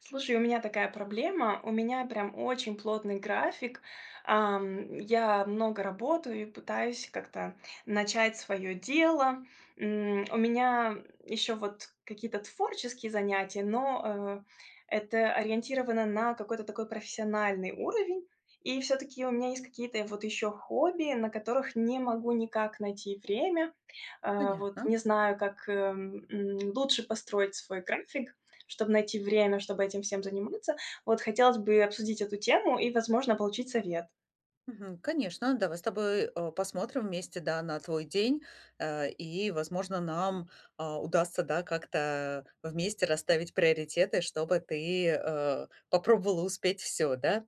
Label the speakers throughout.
Speaker 1: Слушай, у меня такая проблема, у меня прям очень плотный график. Ам, я много работаю и пытаюсь как-то начать своё дело. М, у меня еще вот какие-то творческие занятия, но, э, это ориентировано на какой-то такой профессиональный уровень, и всё-таки у меня есть какие-то вот ещё хобби, на которых не могу никак найти время. Э, вот
Speaker 2: Понятно.
Speaker 1: не знаю, как, э, м, лучше построить свой график, чтобы найти время, чтобы этим всем заниматься. Вот хотелось бы обсудить эту тему и, возможно, получить совет.
Speaker 2: Мгм. Конечно, давай с тобой, э, посмотрим вместе, да, на твой день, э, и, возможно, нам, а, удастся, да, как-то вместе расставить приоритеты, чтобы ты, э, попробовала успеть всё, да.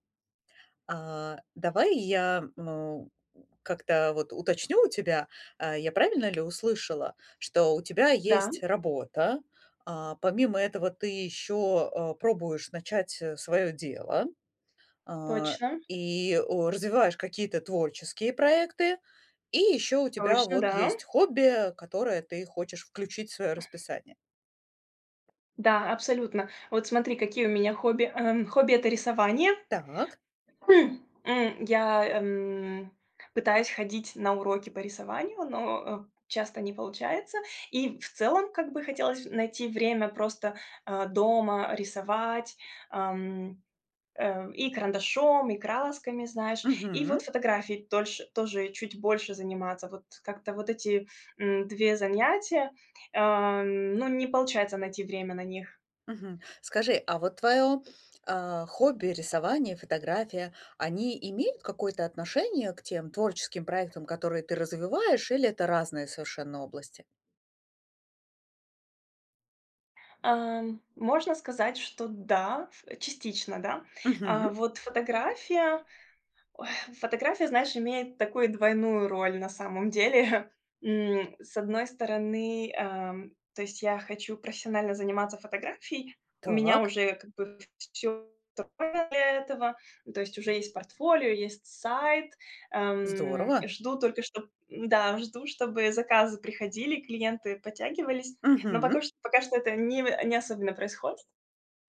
Speaker 2: А, давай я, м, э, как-то, вот, уточню у тебя. Э, я правильно ли услышала, что у тебя
Speaker 1: Да.
Speaker 2: есть работа, а, помимо этого ты ещё, э, пробуешь начать, э, своё дело, а,
Speaker 1: Точно.
Speaker 2: и, э, развиваешь какие-то творческие проекты, и ещё у тебя
Speaker 1: Точно,
Speaker 2: вот
Speaker 1: да.
Speaker 2: есть хобби, э, которое ты хочешь включить в своё расписание?
Speaker 1: Да, абсолютно. Вот смотри, какие у меня хобби, э, хобби- это рисование.
Speaker 2: Так.
Speaker 1: М. Я, эм, пытаюсь ходить на уроки по рисованию, но, э, часто не получается. И в целом как бы хотелось найти время просто, э, дома рисовать, эм, э, и карандашом, и красками, знаешь. И
Speaker 2: Мгм.
Speaker 1: вот фотографией дольше тоже чуть больше заниматься. Вот как-то вот эти, м, 2 занятия, эм, ну, не получается найти время на них.
Speaker 2: Мгм. Скажи, а вот твоё, э, хобби, рисование, фотография, они имеют какое-то отношение к тем творческим проектам, которые ты развиваешь, или это разные совершенно области?
Speaker 1: Эм, можно сказать, что да. Э, частично да. А,
Speaker 2: Мгм.
Speaker 1: вот фотография, ой, фотография, знаешь, имеет такую двойную роль на самом деле. М, с одной стороны, эм, то есть я хочу профессионально заниматься фотографией. У меня
Speaker 2: Так.
Speaker 1: уже, как бы, всё готово для этого. То есть уже есть портфолио, есть сайт. Эм,
Speaker 2: Здорово!
Speaker 1: жду только что м-да, жду, чтобы заказы приходили, клиенты подтягивались, но
Speaker 2: Мгм.
Speaker 1: пока что пока что это не вы не особенно происходит.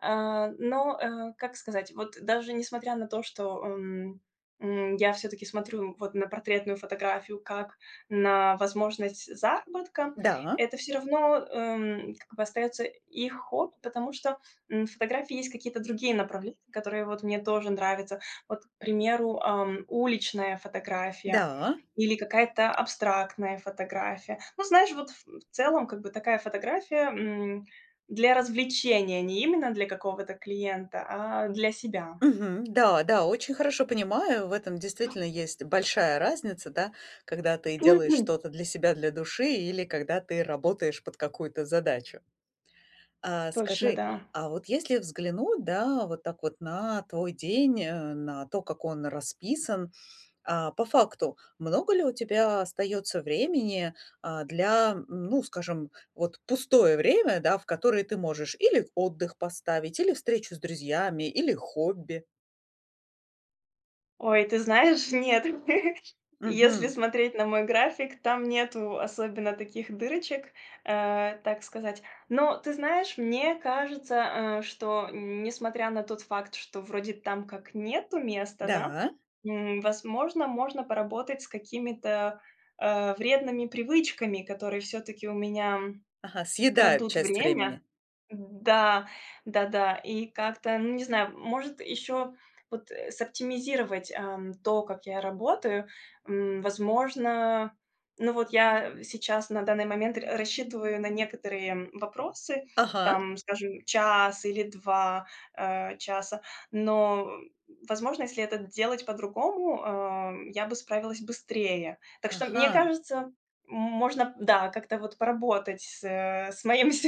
Speaker 1: Э, но, э, как сказать, вот даже несмотря на то, что, эм, м, я всё-таки смотрю, вот, на портретную фотографию как на возможность заработка.
Speaker 2: Да.
Speaker 1: Это всё равно, эм, как бы, остаётся их хобби, потому что, м, в фотографии есть какие-то другие направления, которые, вот, мне тоже нравятся. Вот, к примеру, ам, уличная фотография
Speaker 2: Да.
Speaker 1: или какая-то абстрактная фотография. Ну, знаешь, вот, м, в целом, как бы, такая фотография, м, для развлечения, не именно для какого-то клиента, а для себя.
Speaker 2: Мгм, да, да, очень хорошо понимаю. В этом действительно есть большая разница, да, когда ты
Speaker 1: То
Speaker 2: делаешь
Speaker 1: одним.
Speaker 2: что-то для себя, для души или когда ты работаешь под какую-то задачу. А,
Speaker 1: Точно,
Speaker 2: скажи,
Speaker 1: да.
Speaker 2: а вот если взглянуть да, вот так вот на твой день, э, на то, как он расписан, э, по факту, много ли у тебя остаётся времени, э, для, ну, скажем, вот пустое время, да, в которое ты можешь или отдых поставить, или встречу с друзьями, или хобби?
Speaker 1: Ой, ты знаешь, нет. Если
Speaker 2: Мгм.
Speaker 1: смотреть на мой график, там нету особенно таких дырочек, э, так сказать. Но, ты знаешь, мне кажется, э, что н несмотря на тот факт, что вроде там как нету места, да,
Speaker 2: Да.
Speaker 1: м, возможно, можно поработать с какими-то, э, вредными привычками, которые всё-таки у меня
Speaker 2: Ага, съедают
Speaker 1: крадут
Speaker 2: часть
Speaker 1: время.
Speaker 2: времени.
Speaker 1: Да. Да-да. И как-то, ну, не знаю, может ещё вот, э, сооптимизировать, эм, то, как я работаю. М, возможно, ну, вот я сейчас на данный момент рас рассчитываю на некоторые вопросы,
Speaker 2: Ага.
Speaker 1: там, скажем, час или 2, э, часа, но, возможно, если это делать по-другому, а, м, я бы справилась быстрее. Так что, мне
Speaker 2: Ага.
Speaker 1: кажется, м можно, да, как-то вот поработать с с моим с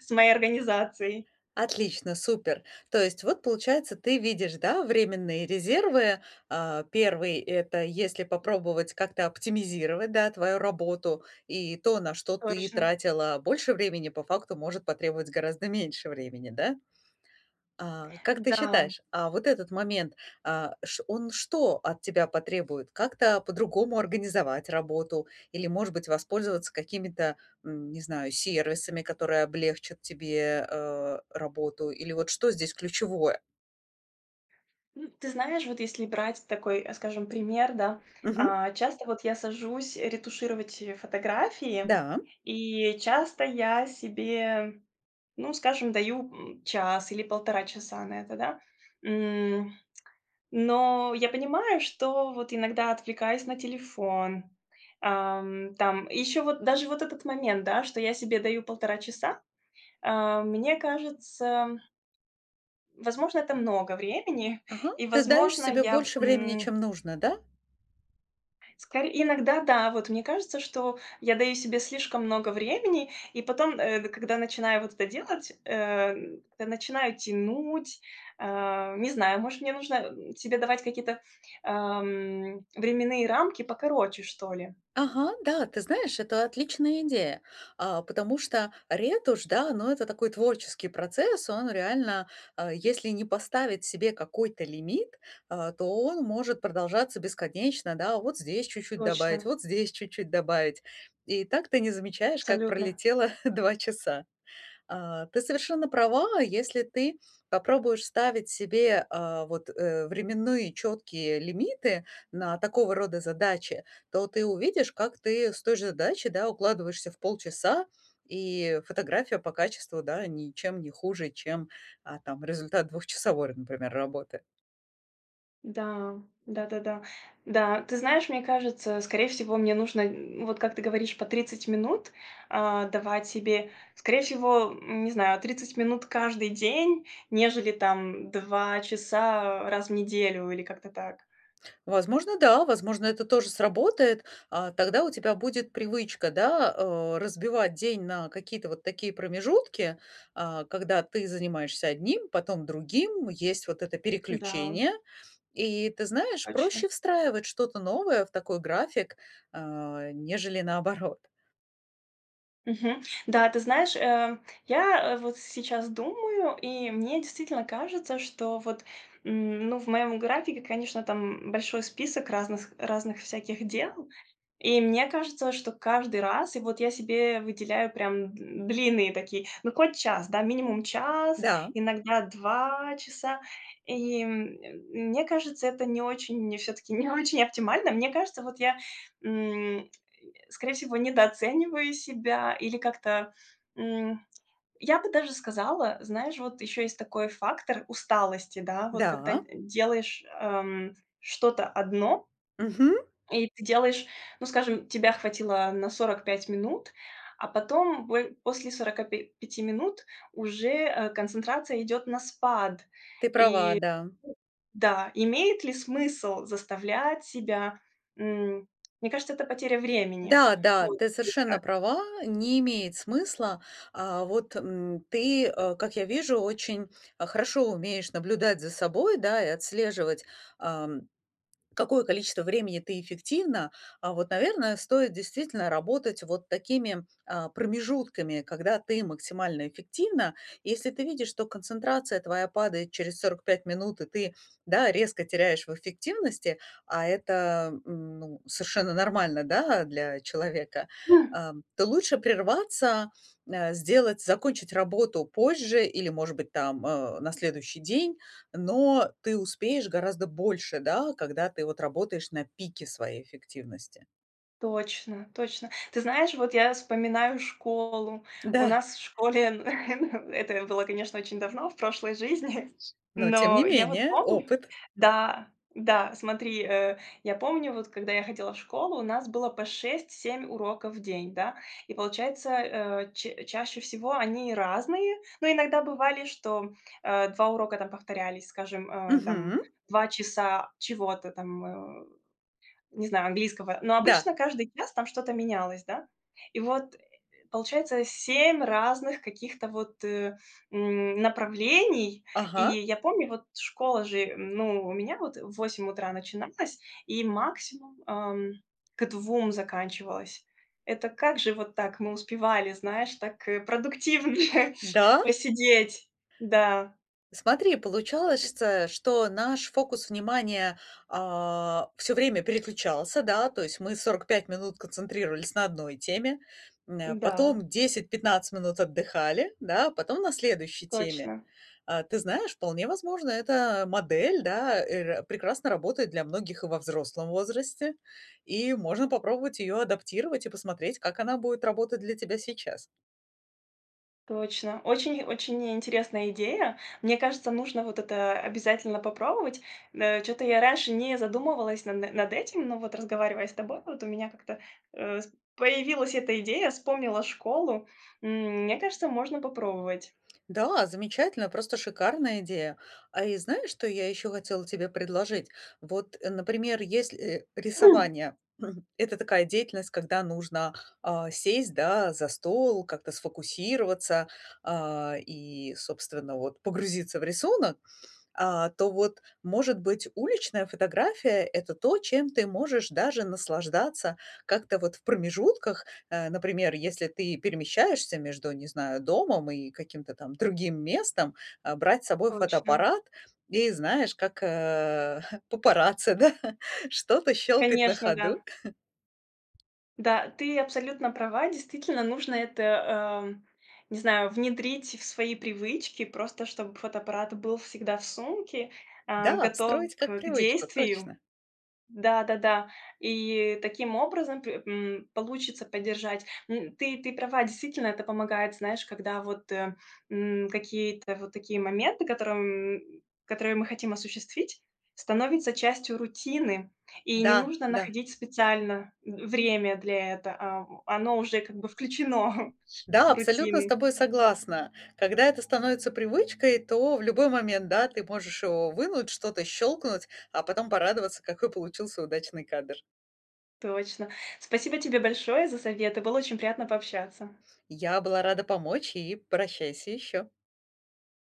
Speaker 1: с моей организацией.
Speaker 2: Отлично, супер. То есть вот, получается, ты видишь, да, временные резервы. А, 1- это если попробовать как-то оптимизировать, да, твою работу. И то, на что ты
Speaker 1: Точно.
Speaker 2: тратила больше времени, по факту может потребовать гораздо меньше времени, да? А, как ты
Speaker 1: Да.
Speaker 2: считаешь, а вот этот момент, а, ш он что от тебя потребует? Как-то по-другому организовать работу или, может быть, воспользоваться какими-то, м, не знаю, сервисами, которые облегчат тебе, э, работу или вот что здесь ключевое?
Speaker 1: М, ты знаешь, вот если брать такой, э, скажем, пример, да,
Speaker 2: Мгм.
Speaker 1: а, часто вот я сажусь ретушировать, э, фотографии,
Speaker 2: Да.
Speaker 1: и часто я себе, ну, скажем, даю, м, час или 1,5 часа на это, да. М, но я понимаю, что вот иногда отвлекаюсь на телефон, ам, там и ещё вот даже вот этот момент, да, что я себе даю 1,5 часа, э, мне кажется возможно, это много времени
Speaker 2: Ага,
Speaker 1: и,
Speaker 2: ты даешь
Speaker 1: возможно,
Speaker 2: себе
Speaker 1: я,
Speaker 2: больше времени,
Speaker 1: м
Speaker 2: чем нужно, да?
Speaker 1: Скоре иногда да, вот мне кажется, что я даю себе слишком много времени и потом, э, д когда начинаю вот это делать, эм, как-то начинаю тянуть, э, не знаю, может мне нужно, м, себе давать какие-то, эм, временные рамки покороче что ли?
Speaker 2: Ага, да, ты знаешь, это отличная идея, а, потому что ретушь, да, ну это такой творческий процесс. Он реально, а, если не поставить себе какой-то лимит, а, то он может продолжаться бесконечно, да, вот здесь чуть-чуть добавить,
Speaker 1: Точно.
Speaker 2: вот здесь чуть-чуть добавить, и так ты не замечаешь, как
Speaker 1: Абсолютно.
Speaker 2: пролетело 2 часа. А, ты совершенно права, если ты попробуешь ставить себе, а, вот, э, временные четкие лимиты на такого рода задачи, то ты увидишь, как ты с той же задачи, да, укладываешься в полчаса, и фотография по качеству, да, ничем не хуже, чем а там, результат двухчасовой р например, работы.
Speaker 1: Да, да-да-да. Да, ты знаешь, мне кажется, скорее всего мне нужно, м, вот как ты говоришь, по 30 минут, а, давать себе скорее всего, м, не знаю, 30 минут каждый день, нежели там 2 часа раз в неделю или как-то так.
Speaker 2: Возможно, да, возможно это тоже сработает, а, тогда у тебя будет привычка, да, э, разбивать день на какие-то вот такие промежутки, а, когда ты занимаешься одним, потом другим, есть вот это
Speaker 1: Да.
Speaker 2: переключение, и ты знаешь,
Speaker 1: Точно.
Speaker 2: проще встраивать что-то новое в такой график, э, нежели наоборот.
Speaker 1: Мгм, да, ты знаешь, э, я, э, вот сейчас думаю, и мне действительно кажется, что вот, м, ну, в моем графике, конечно, там большой список разных с разных всяких дел, и мне кажется, что каждый раз и вот я себе выделяю прям н длинные такие ну, хоть час, да, минимум час,
Speaker 2: Да.
Speaker 1: иногда 2 часа. И, м, мь мне кажется, это не очень, мне всё-таки, не очень оптимально. Мне кажется, вот я, м, скорее всего, недооцениваю себя или как-то, м, я бы даже сказала, знаешь, вот ещё есть такой фактор усталости, да, вот когда
Speaker 2: Да.
Speaker 1: делаешь, эм, что-то одно
Speaker 2: Мгм.
Speaker 1: и ты делаешь ну, скажем, тебя хватило на 45 минут, а потом бой после 45 минут уже, э, концентрация идёт на спад.
Speaker 2: Ты права,
Speaker 1: И
Speaker 2: да.
Speaker 1: да, имеет ли смысл заставлять себя, м, мне кажется, это потеря времени
Speaker 2: Да, да,
Speaker 1: будет
Speaker 2: ты
Speaker 1: и
Speaker 2: совершенно
Speaker 1: так.
Speaker 2: права, не имеет смысла. А, вот, м, ты, э, как я вижу, очень хорошо умеешь наблюдать за собой, да, и отслеживать, ам, какое количество времени ты эффективна, а вот, наверное, стоит действительно работать вот такими, а, промежутками, когда ты максимально эффективна. Если ты видишь, что концентрация твоя падает через 45 минут, и ты, да, резко теряешь в эффективности, а это, м, ну, совершенно нормально, да, для человека, а, то лучше прерваться, э, сделать, закончить работу позже или, может быть, там, э, на следующий день, но ты успеешь гораздо больше, да, когда ты, вот, работаешь на пике своей эффективности.
Speaker 1: Точно, точно. Ты знаешь, вот я вспоминаю школу. У
Speaker 2: Да.
Speaker 1: нас в школе это было, конечно, очень давно, в прошлой жизни.
Speaker 2: Но тем не
Speaker 1: Но я вот
Speaker 2: менее
Speaker 1: помню
Speaker 2: опыт.
Speaker 1: Да, да, смотри, э, я помню вот, когда я ходила в школу, у нас было по 6-7 уроков в день, да. И получается, э, ча чаще всего они разные. Но иногда бывали, что, э, 2 урока там повторялись, скажем, э, там,
Speaker 2: Мгм.
Speaker 1: 2 часа чего-то там, э, не знаю, английского. Но
Speaker 2: Да.
Speaker 1: обычно каждый час там что-то менялось, да. И вот, э, получается 7 разных каких-то вот, э, м, направлений. И
Speaker 2: Ага.
Speaker 1: я помню, вот, школа же ну, у меня вот в 8 утра начиналась и максимум, ам, к 2 заканчивалась. Это как же вот так мы успевали, знаешь, так, э, продуктивнее
Speaker 2: Да?
Speaker 1: посидеть. Да.
Speaker 2: Смотри, получалось, чтэ что наш фокус внимания, а, всё время переключался, да, то есть мы 45 минут концентрировались на одной теме, м, э,
Speaker 1: Да.
Speaker 2: потом 10-15 минут отдыхали, да, потом на следующей теме.
Speaker 1: Точно.
Speaker 2: А, ты знаешь, вполне возможно, эта модель, да, э, р прекрасно работает для многих и во взрослом возрасте, и можно попробовать её адаптировать и посмотреть, как она будет работать для тебя сейчас.
Speaker 1: Точно. Очень-очень ни интересная идея. Мне кажется, нужно вот это обязательно попробовать. М, э, чё-то я раньше не задумывалась на над этим, но вот, разговаривая с тобой, вот у меня как-то, э, с появилась эта идея, вспомнила школу. М, мне кажется, можно попробовать.
Speaker 2: Да, замечательная, просто шикарная идея. А, и знаешь, что я ещё хотела тебе предложить? Вот, э, например, если, э, рисование. Это такая деятельность, когда нужно, а, сесть, да, за стол, как-то сфокусироваться, а, и, собственно, вот, погрузиться в рисунок, а, то вот, может быть, уличная фотография это то, чем ты можешь даже наслаждаться как-то вот в промежутках, э, например, если ты перемещаешься между, не знаю, домом и каким-то там другим местом, а, брать с собой
Speaker 1: Точно.
Speaker 2: фотоаппарат и, знаешь, как, э, папарацци, да, что-то щелкать на
Speaker 1: Конечно, да.
Speaker 2: ходу.
Speaker 1: Да, ты абсолютно права. Действительно, нужно это, эм, не знаю, внедрить в свои привычки, просто чтобы фотоаппарат был всегда в сумке, э,
Speaker 2: Да,
Speaker 1: готов
Speaker 2: встроить как
Speaker 1: к
Speaker 2: привычку,
Speaker 1: действию.
Speaker 2: точно.
Speaker 1: Да-да-да. И таким образом п м, получится поддержать. М, ты ты права. Действительно, это помогает, знаешь, когда вот, э, м, какие-то вот такие моменты, которым которые мы хотим осуществить, становятся частью рутины. И не
Speaker 2: Да,
Speaker 1: нужно
Speaker 2: да.
Speaker 1: находить специально в время для это. А, в оно уже как бы включено
Speaker 2: Да,
Speaker 1: в
Speaker 2: абсолютно с
Speaker 1: рутины.
Speaker 2: тобой согласна. Когда это становится привычкой, то в любой момент, да, ты можешь его вынуть, что-то щелкнуть, а потом порадоваться, какой получился удачный кадр.
Speaker 1: Точно. Спасибо тебе большое за советы, было очень приятно пообщаться.
Speaker 2: Я была рада помочь, и прощайся еще.